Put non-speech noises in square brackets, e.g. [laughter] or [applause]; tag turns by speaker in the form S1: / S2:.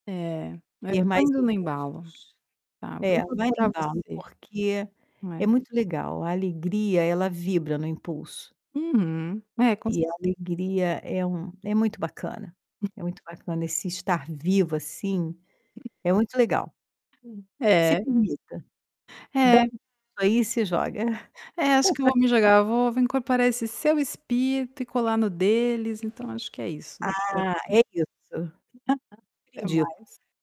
S1: É. É,
S2: Ter
S1: eu tô
S2: mais
S1: indo no embalo.
S2: impulsos.
S1: Tá, vou
S2: É, vai no
S1: incorporar
S2: embalo,
S1: você.
S2: porque é
S1: É.
S2: muito legal. A alegria, ela vibra no impulso.
S1: Uhum. É, com
S2: E
S1: certe
S2: a alegria é um é muito bacana. É muito bacana esse estar vivo, assim, é muito legal.
S1: Sim.
S2: Se
S1: É.
S2: permita. Dá
S1: É.
S2: um pulo aí e se joga.
S1: É, acho que eu vou me
S2: [laughs]
S1: jogar, vou vou incorporar esse seu espírito e colar no deles, então acho que é isso daqui pra frente.
S2: Ah, é isso.
S1: [chuckles]
S2: Super
S1: Até
S2: indico.
S1: mais.